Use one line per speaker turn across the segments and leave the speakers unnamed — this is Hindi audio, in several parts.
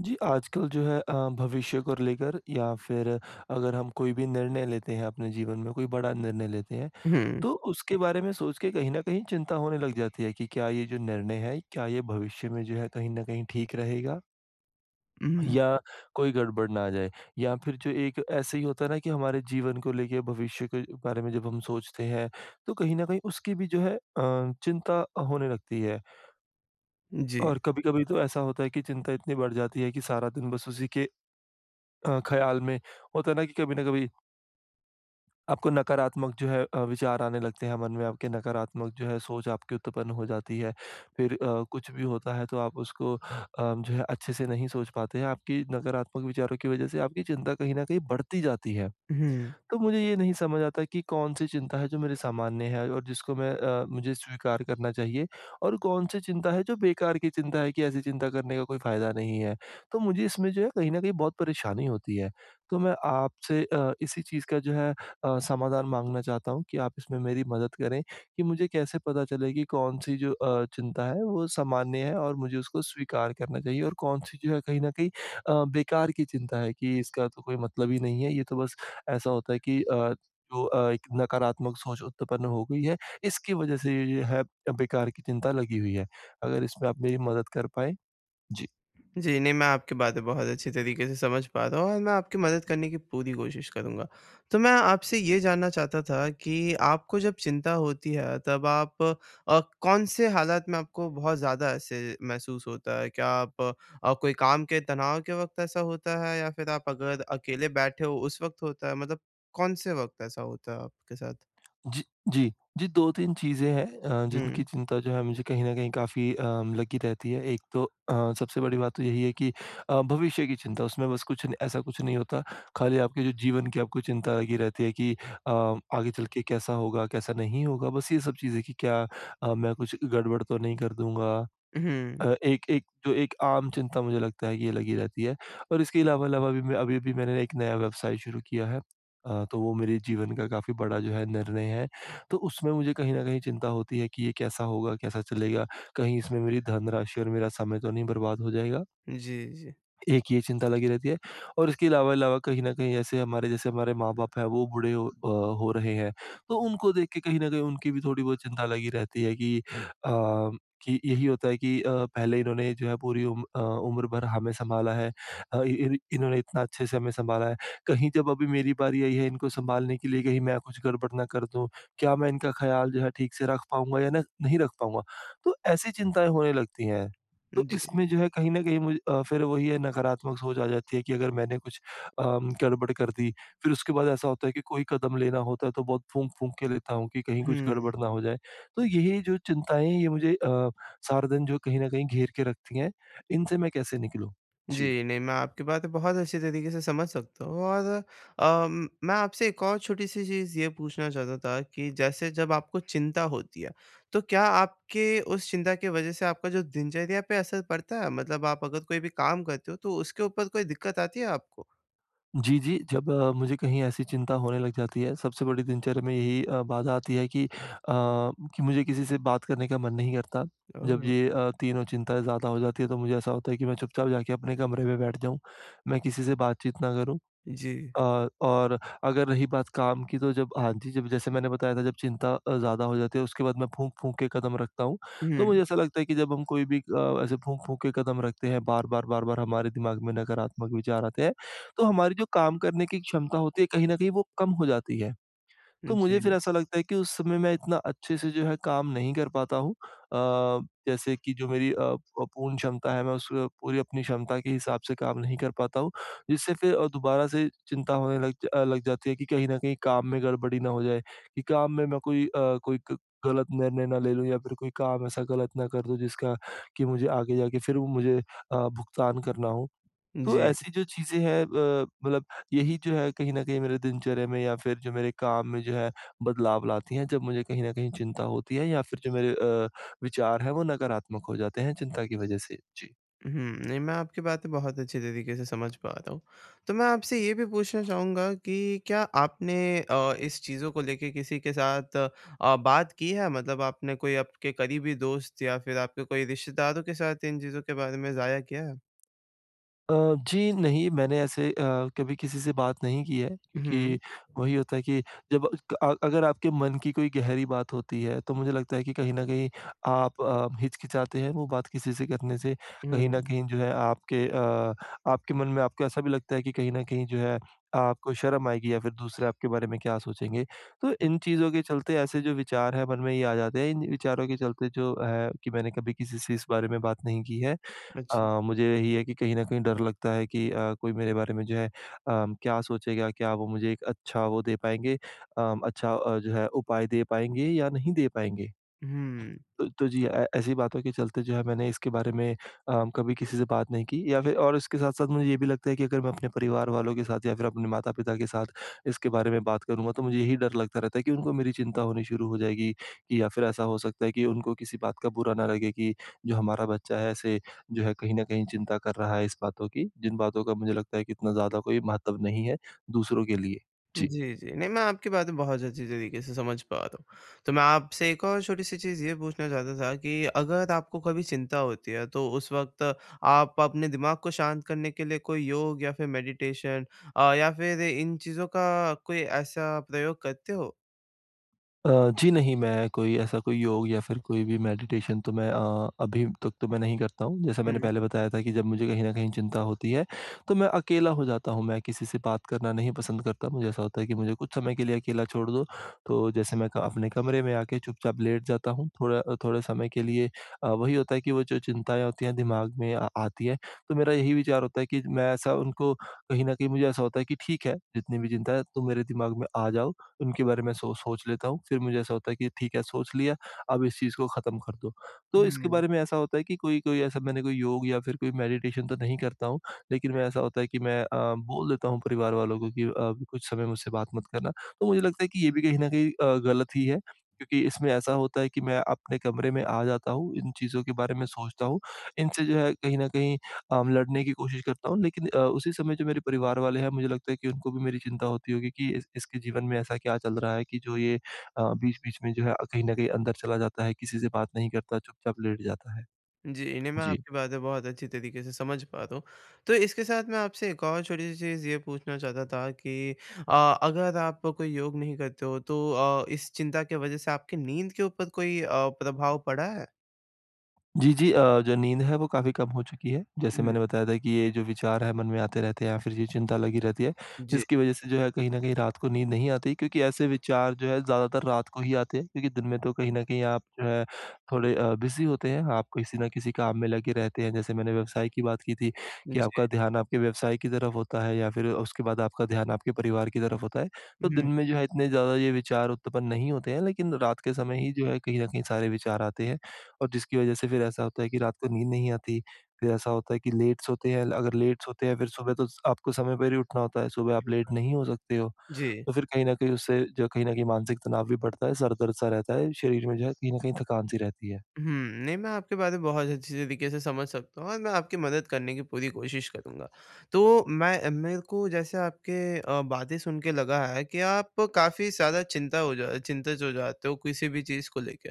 जी, आजकल जो है अ, भविष्य को लेकर या फिर अगर हम कोई भी निर्णय लेते हैं अपने जीवन में, कोई बड़ा निर्णय लेते हैं,
हुँ।
तो उसके बारे में सोच के कहीं न कहीं चिंता होने लग जाती है कि क्या ये जो निर्णय है, क्या ये भविष्य में जो है कहीं न कहीं ठीक रहेगा?
हुँ।
या कोई गड़बड़ ना आ जाए, या फिर जो एक ऐसे ही होता है ना कि हमारे जीवन को लेके भविष्य के बारे में जब हम सोचते हैं, तो कहीं न कहीं उसकी भी जो है अ, चिंता होने लगती है।
जी।
और कभी-कभी तो ऐसा होता है कि चिंता इतनी बढ़ जाती है कि सारा दिन बस उसी के अ, ख़्याल में, होता है ना कि कभी न कभी आपको नकारात्मक जो है अ, विचार आने लगते हैं, मन में आपके नकारात्मक जो है सोच आपकी उत्पन्न हो जाती है। फिर अ, कुछ भी होता है, तो आप उसको अ, जो है अच्छे से नहीं सोच पाते हैं। आपकी नकारात्मक विचारों की वज़ह से आपकी चिंता कहीं न कहीं बढ़ती जाती है।
हुँ।
तो मुझे ये नहीं समझ आता कि कौन-सी चिंता है जो मेरे सामान्य है और जिसको मैं अ, मुझे स्वीकार करना चाहिए, और कौन-सी चिंता है जो बेकार की चिंता है कि ऐसी चिंता करने का कोई फ़ायदा नहीं है। तो मुझे इसमें जो है कहीं न कहीं बहुत परेशानी होती हैं। तो मैं आपसे अ, इसी चीज़ का जो है अ, समाधान माँगना चाहता हूँ कि आप इसमें मेरी मदद करें कि मुझे कैसे पता चले कि कौन-सी जो अ, चिंता है, वो सामान्य है और मुझे उसको स्वीकार करना चाहिए, और कौन-सी जो है कहीं न कहीं अ, बेकार की चिंता है कि इसका तो कोई मतलब ही नहीं है। ये तो बस ऐसा होता है कि अ, जो अ, एक नकारात्मक सोच उत्पन्न हो गई है, इसकी वज़ह से ये-ये है बेकार की चिंता लगी हुई है। अगर इसमें आप मेरी मदद कर पाएँ? जी।
जी, नहीं, मैं आपकी बातें बहुत अच्छी तरीक़े से समझ पा रहा हूँ, और मैं आपकी मदद करने की पूरी कोशिश करूँगा। तो मैं आपसे ये जानना चाहता था कि आपको जब चिंता होती है, तब आप अ, कौन-से हालात में आपको बहुत ज़्यादा ऐसे महसूस होता है? क्या आप अ, कोई काम के तनाव के वक़्त ऐसा होता है, या फिर आप अगर अकेले बैठे हो, उस वक़्त होता है, मतलब कौन-से वक़्त ऐसा होता है आपके साथ?
जी, जी। जी, 2-3 चीजें हैं अ, जिनकी
हुँ।
चिंता जो है मुझे कहीं न कहीं काफ़ी अ, लगी रहती है। एक तो अ, सबसे बड़ी बात तो यही है कि अ, भविष्य की चिंता। उसमें बस कुछ न ऐसा कुछ नहीं होता, खाली आपके जो जीवन की आपको चिंता लगी रहती है कि अ, आगे चल के कैसा होगा, कैसा नहीं होगा। बस ये सब चीजें कि क्या अ, मैं कुछ गड़बड़ तो नहीं कर दूँगा
अहुँ।
अ, एक एक जो एक आम चिंता मुझे लगता है कि ये लगी रहती है। और इसके अलावा अलावा भी मैं अभी-अभी मैंने एक नया व्यवसाय शुरू किया है। अ, तो वो मेरी जीवन का काफ़ी बड़ा जो है निर्णय है, तो उसमें मुझे कहीं न कहीं चिंता होती है कि ये कैसा होगा, कैसा चलेगा, कहीं इसमें मेरी धनराशि और मेरा समय तो नहीं बर्बाद हो जाएगा?
जी, जी।
एक ये चिंता लगी रहती है। और इसके अलावा अलावा कहीं न कहीं ऐसे हमारे जैसे हमारे माँ-बाप हैं, वो बूढ़े ओ, अ, हो रहे हैं। तो उनको देख के कहीं न कहीं उनकी भी थोड़ी बहुत चिंता लगी रहती है कि अ, कि यही होता है कि अ, पहले इन्होंने जो है पूरी उम्र अ उम्र भर हमें संभाला है। अ, इन इन्होंने इतना अच्छे से हमें संभाला है, कहीं जब अभी मेरी बारी आई है इनको संभालने के लिए, कहीं मैं कुछ गड़बड़ ना कर दूँ, क्या मैं इनका ख़्याल जो है, ठीक से रख पाऊँगा या न नहीं रख पाऊँगा? तो ऐसी चिंताएँ होने लगती हैं।
उ,
तो
जी।
इसमें जो है कहीं न कहीं मुझे अ, फिर वही है नकारात्मक सोच आ जाती है कि अगर मैंने कुछ अ, गड़बड़ कर दी। फिर उसके बाद ऐसा होता है कि कोई कदम लेना होता है, तो बहुत फूक-फूक के लेता हूँ कि कहीं कुछ
हुँ।
गड़बड़ ना हो जाए। तो यही है जो चिंताएँ हैं, ये मुझे अ, सारा दिन जो कहीं न कहीं घेर के रखती हैं। इनसे मैं कैसे निकलूँ? जी।
जी। नहीं, मैं आपकी बातें बहुत अच्छी तरीके से समझ सकता हूँ। और अम, मैं आपसे एक और छोटी-सी चीज़ ये पूछना चाहता था कि जैसे जब आपको चिंता होती है, तो क्या आपके उस चिंता के वज़ह से आपका जो दिनचर्या पे असर पड़ता है? मतलब आप अगर कोई भी काम करते हो, तो उसके ऊपर कोई दिक्कत आती है आपको?
जी, जी। जब अ, मुझे कहीं ऐसी चिंता होने लग जाती है, सबसे बड़ी दिनचर्या में यही अ, बाधा आती है कि अ, कि मुझे किसी से बात करने का मन नहीं करता। जब
ओह।
ये अ, तीनों चिंताएँ ज़्यादा हो जाती हैं। तो मुझे ऐसा होता है, कि मैं चुप-चाप जाके अपने कमरे में बैठ जाऊँ, मैं किसी से बातचीत ना करूँ।
जी।
और और अगर रही बात काम की तो जब हाँ, जी। जब जैसे मैंने बताया था जब चिंता अ, ज़्यादा हो जाती है, उसके बाद मैं फूँक-फूँक के कदम रखता हूँ। तो
हुँ।
मुझे ऐसा लगता है, कि जब हम कोई भी अ, ऐसे फूँक-फूँक के कदम रखते हैं, बार-बार, बार-बार हमारे दिमाग में नकारात्मक विचार आते हैं। तो हमारी जो काम करने की एक क्षमता होती है, कहीं न कहीं वो कम हो जाती हैं।
उ,
तो मुझे फिर
जी।
ऐसा लगता है, कि उस समय मैं इतना अच्छे से जो है काम नहीं कर पाता हूँ। अ, जैसे की जो मेरी अ अ, प पूर्ण क्षमता है, मैं उसमें पूरी अपनी क्षमता के हिसाब से काम नहीं कर पाता हूँ। जिससे फ़िर अ, दोबारा से चिंता होने लग अ, लग जाती है कि कहीं न कहीं काम में गड़बड़ी ना हो जाए। कि काम में मैं कोई अ, कोई ग गलत निर्णय ना ले लूँ। या फिर कोई काम ऐसा गलत ना कर दूँ, जिसका कि मुझे आगे जाके फ़िर वो मुझे अ, भुगतान करना हो। तो
जी।
ऐसी जो चीज़ें हैं अ, मतलब यही जो है कहीं न कहीं, मेरे दिनचर्या में या फिर जो मेरे काम में जो है, बदलाव लाती हैं। जब मुझे कहीं न कहीं चिंता होती है, या फिर जो मेरे अ, विचार है वो नकारात्मक हो जाते हैं, चिंता की वज़ह से। जी।
हुँ। नहीं, मैं आपकी बातें बहुत अच्छे तरीक़े से समझ पा रहा हूँ। तो मैं आपसे ये भी पूछना चाहूँगा कि क्या आपने अ, इस चीज़ों को लेके किसी के साथ अ, बात की है, मतलब आपने कोई आपके करीबी दोस्त या फिर आपके कोई रिश्तेदारों के साथ इन चीज़ों के बारे में ज़ाहिर किया है?
अ, जी। नहीं, मैंने ऐसे अ, कभी किसी से बात नहीं की है क्योंकि
हुँ।
वही होता है कि जब अ, क अ, अगर आपके मन की कोई गहरी बात होती है, तो मुझे लगता है कि कहीं न कहीं आप अ, हिचकिचाते हैं, वो बात किसी से करने से। कहीं न
हुँ।
कहीं जो है, आपके अ आपके मन में आपको ऐसा भी लगता है कि कहीं न कहीं जो है, आपको शर्म आएगी या फिर दूसरे आपके बारे में क्या सोचेंगे। तो
हुँ।
इन चीज़ों के चलते, ऐसे जो विचार हैं, मन में ये आ जाते हैं। इन विचारों के चलते जो है, कि मैंने कभी किसी से इस बारे में बात नहीं की है।
अच्छा।
अ, मुझे यही है कि कहीं न कहीं डर लगता है कि अ, कोई मेरे बारे में जो है अ, क्या सोचेगा? क्या वो मुझे एक अच्छा वो दे पाएँगे अ, अच्छा जो है, उपाय दे पाएँगे या नहीं दे पाएँगे?
हुँ।
तो तो जी। ऐ ऐसी बातों के चलते जो है, मैंने इसके बारे में अ, कभी किसी से बात नहीं की या फिर और इसके साथ-साथ मुझे ये भी लगता है कि अगर मैं अपने परिवार वालों के साथ या फिर अपने माता-पिता के साथ इसके बारे में बात करूँगा, तो मुझे यही डर लगता रहता है कि उनको मेरी चिंता होनी शुरू हो जाएगी या फिर ऐसा हो सकता है कि उनको किसी बात का बुरा न लगे कि, "जो हमारा बच्चा है, ऐसे जो है, कहीं न कहीं चिंता कर रहा है इस बातों की।" जिन बातों का मुझे लगता है कि इतना ज़्यादा कोई महत्व नहीं है, दूसरों के लिए। जी।
जी, जी। नहीं, मैं आपकी बातें बहुत अच्छी तरीक़े से समझ पा रहा हूँ। तो मैं आपसे एक और छोटी-सी चीज़ ये पूछना चाहता था कि अगर आपको कभी चिंता होती है, तो उस वक़्त आप अपने दिमाग को शांत करने के लिए कोई योग या फिर मेडिटेशन अ, या फ़िर इन चीज़ों का कोई ऐसा प्रयोग करते हो?
अ, जी, नहीं, मैं कोई ऐसा कोई योग या फिर कोई भी मेडिटेशन तो मैं अ, अभी तक तो मैं नहीं करता हूँ। जैसा मैंने
हुँ।
पहले बताया था कि जब मुझे कहीं न कहीं चिंता होती है, तो मैं अकेला हो जाता हूँ, मैं किसी से बात करना नहीं पसंद करता। मुझे ऐसा होता है कि मुझे कुछ समय के लिए अकेला छोड़ दो, तो जैसे मैं का अपने कमरे में आके चुपचाप लेट जाता हूँ, थोड़ा अ, थोड़े समय के लिए। अ, वही होता है कि वो जो चिंताएँ होती हैं, दिमाग में आ आती हैं। तो मेरा यही विचार होता है कि मैं ऐसा उनको कहीं न कहीं मुझे ऐसा होता है कि ठीक है, जितनी भी चिंता है, तुम मेरे दिमाग में आ जाओ, उनके बारे में सो सोच लेता हूँ। फिर मुझे ऐसा होता है कि ठीक है, सोच लिया, अब इस चीज़ को खत्म कर दो। तो इसके
हुँ।
बारे में ऐसा होता है कि कोई-कोई ऐसा मैंने कोई योग या फिर कोई मेडिटेशन तो नहीं करता हूँ, लेकिन मैं ऐसा होता है कि मैं अ, बोल देता हूँ परिवार वालों को कि अ, कुछ समय मुझसे बात मत करना। तो मुझे लगता है कि ये भी कहीं न कहीं अ, गलत ही है क्योंकि इसमें ऐसा होता है कि मैं अपने कमरे में आ जाता हूँ, इन चीज़ों के बारे में सोचता हूँ, इनसे जो है कहीं न कहीं अम, लड़ने की कोशिश करता हूँ। लेकिन अ, उसी समय जो मेरे परिवार वाले हैं, मुझे लगता है कि उनको भी मेरी चिंता होती होगी कि इस इसके जीवन में ऐसा क्या चल रहा है कि जो ये अ, बीच-बीच में जो है अ, कहीं न कहीं अंदर चला जाता है, किसी से बात नहीं करता, चुपचाप लेट जाता है।
जी, नहीं, मैं
जी।
आपकी बातें बहुत अच्छी तरीके से समझ पा रहा हूँ। तो इसके साथ मैं आपसे एक और छोटी-सी चीज़ ये पूछना चाहता था कि अ, अगर आप कोई योग नहीं करते हो, तो अ, इस चिंता के वजह से आपकी नींद के ऊपर कोई अ, प्रभाव पड़ा है?
जी, जी, अ, जो नींद है वो काफ़ी कम हो चुकी है। जैसे
हुँ।
मैंने बताया था कि ये जो विचार हैं, मन में आते रहते हैं, या फिर ये चिंता लगी रहती है।
जी।
जिसकी वज़ह से जो है, कहीं न कहीं रात को नींद नहीं आती, क्योंकि ऐसे विचार जो हैं, ज़्यादातर रात को ही आते हैं। क्योंकि दिन में तो कहीं न कहीं आप जो है, थोड़े अ, बिज़ी होते हैं, आप किसी न किसी काम में लगे रहते हैं। जैसे मैंने व्यवसाय की बात की थी, कि
जी।
आपका ध्यान आपके व्यवसाय की तरफ होता है या फिर उसके बाद आपका ध्यान आपके परिवार की तरफ होता है। तो दिन
हुँ।
में जो है इतने ज़्यादा ये विचार उत्पन्न नहीं होते हैं, लेकिन रात के समय ही जो है, कहीं न कहीं सारे विचार आते हैं। और जिसकी वज़ह से फिर ऐसा होता है कि रात को नींद नहीं आती। फिर ऐसा होता है कि लेट सोते हैं, अगर लेट सोते हैं, फिर सुबह तो आपको समय पर ही उठना होता है, सुबह आप लेट नहीं हो सकते हो।
जी।
तो फिर कहीं न कहीं उससे, जो कहीं न कहीं मानसिक तनाव भी बढ़ता है, सर दर्द-सा रहता है, शरीर में जो है, कहीं न कहीं थकान-सी रहती है।
हुँ। नहीं मैं आपकी बातें बहुत अच्छी तरीक़े से समझ सकता हूँ, और मैं आपकी मदद करने की पूरी कोशिश करूँगा। तो मैं मेरे को जैसे आपके अ, बातें सुन के लगा है, कि आप काफ़ी ज़्यादा चिंता हो जा चिंतित हो जाते हो किसी भी चीज़ को लेके।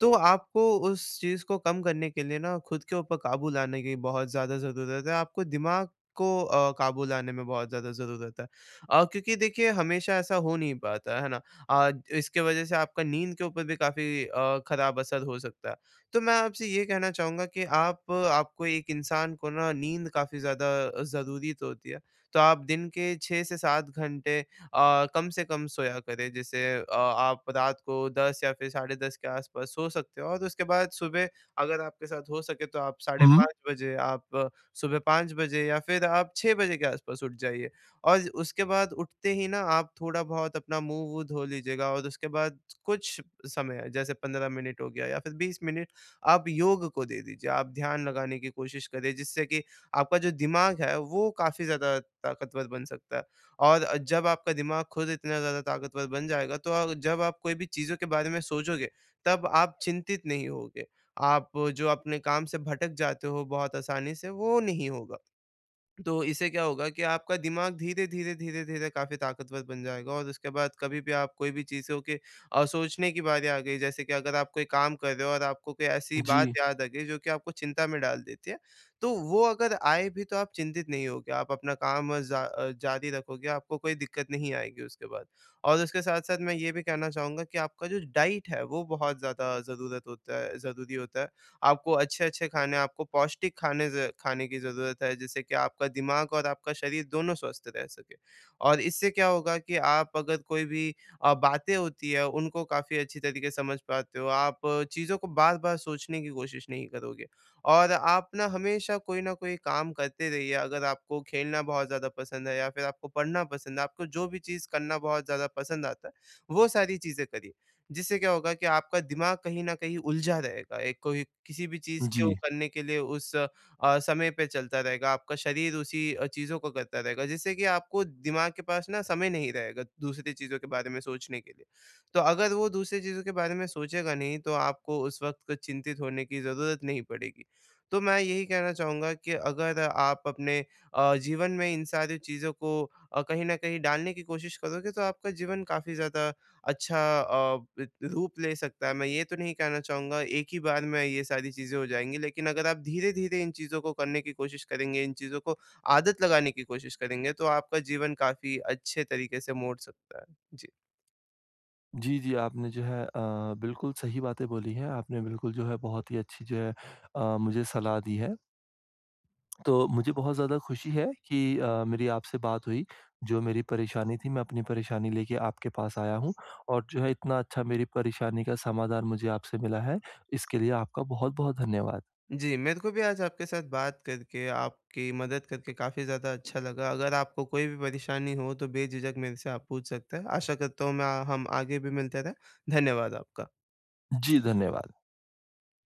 तो आपको उस चीज़ को कम करने के लिए ना, खुद के ऊपर क़ाबू लाने की बहुत ज़्यादा ज़रूरत है। आपको दिमाग़ को अ, क़ाबू लाने में बहुत ज़्यादा ज़रूरत है। अ, क्योंकि देखिए हमेशा ऐसा हो नहीं पाता है ना। अ, इस की वज़ह से आपका नींद के ऊपर भी काफ़ी अ, ख़राब असर हो सकता है। तो मैं आपसे ये कहना चाहूँगा कि आप आपको एक इंसान को ना नींद काफ़ी ज़्यादा ज़रूरी तो होती है। तो आप दिन के 6-7 घंटे अ, कम से कम सोया करें। जैसे अ, आप रात को 10 या फिर साढ़े 10 के आस-पास सो सकते हो। और उसके बाद सुबह, अगर आपके साथ हो सके तो आप साढ़े
हुँ।
5 बजे, आप सुबह 5 बजे या फिर आप 6 के आस-पास उठ जाइए। और उसके बाद उठते ही ना, आप थोड़ा बहुत अपना मुँह-वू, धो लीजिएगा और उसके बाद कुछ समय है, जैसे 15 मिनट हो गया या फिर 20 मिनट, आप योग को दे दीजिए। आप ध्यान लगाने की कोशिश करें, जिससे कि आपका जो दिमाग़ है, वो काफ़ी ज़्यादा ताकतवर बन सकता है। और अ, जब आपका दिमाग़ खुद इतना ज़्यादा ताकतवर बन जाएगा। तो आप जब आप कोई भी चीज़ों के बारे में सोचोगे, तब आप चिंतित नहीं होगे। आप, जो अपने काम से भटक जाते हो बहुत आसानी से, वो नहीं होगा। तो इससे क्या होगा कि आपका दिमाग़ धीरे-धीरे, धीरे-धीरे काफ़ी ताकतवर बन जाएगा और उसके बाद कभी भी आप कोई भी चीज़ों के अ, सोचने की बारी आ गई। जैसे की अगर आप कोई काम कर रहे हो और आपको कोई ऐसी बात
जी।
याद आ गई, जो कि आपको चिंता में डाल देती है। तो वो अगर आए भी तो आप चिंतित नहीं होगे, आप अपना काम जा अ, जारी रखोगे, आपको कोई दिक्कत नहीं आएगी उसके बाद। और उसके साथ-साथ मैं ये भी कहना चाहूँगा कि आप जो डाइट है, वो बहुत ज़्यादा ज़रूरत होता है ज़रूरी होता है। आपको अच्छे-अच्छे खाने हैं, आपको पौष्टिक खाने से खाने की ज़रूरत है, जिससे कि आपका दिमाग़ और आपका शरीर दोनों स्वस्थ रह सकें। और इससे क्या होगा कि आप अगर कोई भी अ, बातें होती हैं, उनको काफ़ी अच्छी तरीक़े से समझ पाते हो। आप चीज़ों को बार-बार सोचने की कोशिश नहीं करोगे और आप ना, हमेशा कोई न कोई काम करते रहिए। अगर आपको खेलना बहुत ज़्यादा पसंद है, या फिर आपको पढ़ना पसंद है, आपको जो भी चीज़ करना बहुत ज़्यादा पसंद आता है, वो सारी चीज़ें करिए। जिससे क्या होगा कि आपका दिमाग़ कहीं न कहीं उलझा रहेगा। एक कोई किसी भी चीज़ को
जी।
करने के लिए उस अ, समय पे चलता रहेगा, आपका शरीर उसी अ, चीज़ों को करता रहेगा। जिससे कि आपको दिमाग़ के पास न समय नहीं रहेगा, दूसरी चीज़ों के बारे में सोचने के लिए। तो अगर वो दूसरी चीज़ों के बारे में सोचेगा नहीं, तो आपको उस वक़्त चिंतित होने की ज़रूरत नहीं पड़ेगी। तो मैं यही कहना चाहूँगा कि अगर आप, अपने अ, जीवन में इन सारी चीज़ों को अ, कहीं न कहीं डालने की कोशिश करोगे, तो आपका जीवन काफ़ी ज़्यादा अच्छा अ, इ इ, रूप ले सकता है। मैं ये तो नहीं कहना चाहूँगा, एक ही बार में ये सारी चीज़ें हो जाएँगी। लेकिन अगर आप धीरे-धीरे इन चीज़ों को करने की कोशिश करेंगे, इन चीज़ों को आदत लगाने की कोशिश करेंगे, तो आपका जीवन काफ़ी अच्छे तरीक़े से मोड़ सकता है। जी।
जी, जी आपने जो है, अ, बिल्कुल सही बातें बोली हैं। आपने बिल्कुल जो है, बहुत ही अच्छी जो है, अ, मुझे सलाह दी है। तो मुझे बहुत ज़्यादा खुशी है, कि अ, मेरी आपसे बात हुई। जो मेरी परेशानी थी, मैं अपनी परेशानी लेके आपके पास आया हूँ, और जो है इतना अच्छा मेरी परेशानी का समाधान मुझे आपसे मिला है। इसके लिए आपका बहुत-बहुत धन्यवाद।
जी, मेरे को भी आज आपके साथ बात करके, आपकी मदद करके, काफ़ी ज़्यादा अच्छा लगा। अगर आपको कोई भी परेशानी हो तो बेझिझक मेरे से आप पूछ सकते हैं। आशा करता हूँ, मैं हम आगे भी मिलते रहें। धन्यवाद आपका।
जी धन्यवाद।